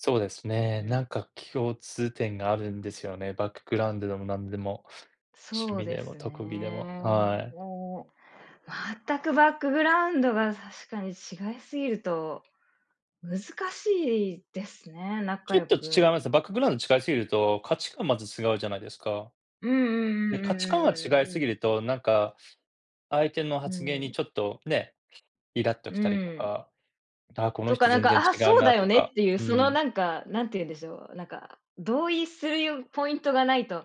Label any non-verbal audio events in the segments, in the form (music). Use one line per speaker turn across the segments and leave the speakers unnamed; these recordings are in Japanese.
そうです
う
ね、な
ん。
んか共通点があるんですよね。バックグラウンドでもなんでも、趣
そう
味
で
でも
す
特技でも、
ね。
はい。
もう全くバックグラウンドが確かに違いすぎると、難しいですね、
ち
仲
ょっ
良
と違
く
いますね。バックグラウンド違いすぎると、価値観まず違うじゃないですか。
うんうんう
で、価
ん
値観が違い
うんうんうんうん
すぎ
うん。
ると、なんか相手の
う
発言
ん。
にちょっとね、いらっと
う
きたりと
ん。
か、あ、この
とか
人
なん
全然
か、あ
違う
そうだ
なと
よねっ
か、
ていう
う
その
ん。
なんか何て言うんでしょう、なんか、同意するゆうポイントがないと、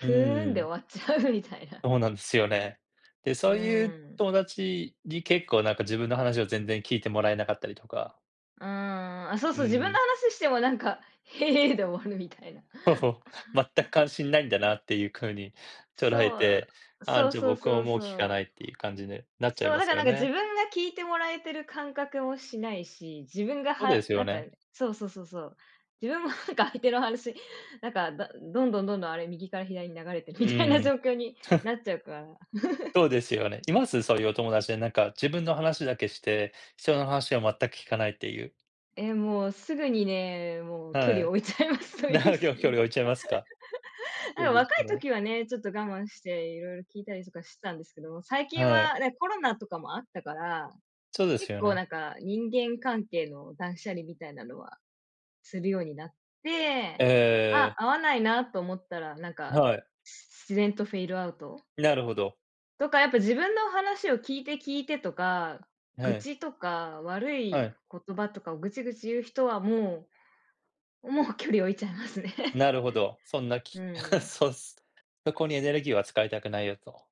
う
ーんで
ん。
終わっちゃうみたいな。
そうなんですよね。で、
う
そういう
ん。
友達に結構なんか自分の話を全然聞いてもらえなかったりとか。
うーん、あ、そう
う
そう、自分の
ん。
話してもなんか、へえ、で終わるみたいな。
そうそう、全く関心ないんだな
(chuckles)
っていう風に捉え
そう、
て、ああ、
そう
じゃあ
そう
僕
そ
も
う
もう
そ
聞かない
う。
っていう感じになっちゃい
そう、
ま
だ
す
からな
よ
んか自
ね。
分が聞いてもらえてる感覚もしないし、自分が
そうで
は
す
な
よ
んか、
ね。
そうそうそうそう。自分もなんか相手の話、なんか、だどんどんどんどん、あれ右から左に流れてるみ
う
たいな
ん。
状況にな
(scoffs)
っちゃうから。(chuckles)
そうですよね。います、そういうお友達で、なんか自分の話だけして、人の話を全く聞かないっていう。
え、もうすぐにね、もう距
は
離を
い。
置いちゃいますそういう
(unintelligible) き
人
ょ距
に、
離を置いちゃいますか。
(laughs)
そ
あ、
うで
若
す
い
ね。
時はね、ちょっと我慢していろいろ聞いたりとかしてたんですけども、最近
は
は
い。
ねコロナとかもあったから、
そうです
結
よ
構
ね。
なんか人間関係の断捨離みたいなのはするようになって、あ、
ええ。
合わないなと思ったらなんか
はい。
し自然とフェイドアウト。
なるほど。
とかやっぱ自分の話を聞いて聞いてとか、
は
愚
い。
痴とか悪
は
い
い。
言葉とかをぐちぐち言う人はもうもう距離を置いちゃいますね。
なるほど、そんな
う
気 (scoffs)
ん。
そうっす。そこにエネルギーは使いたくないよと。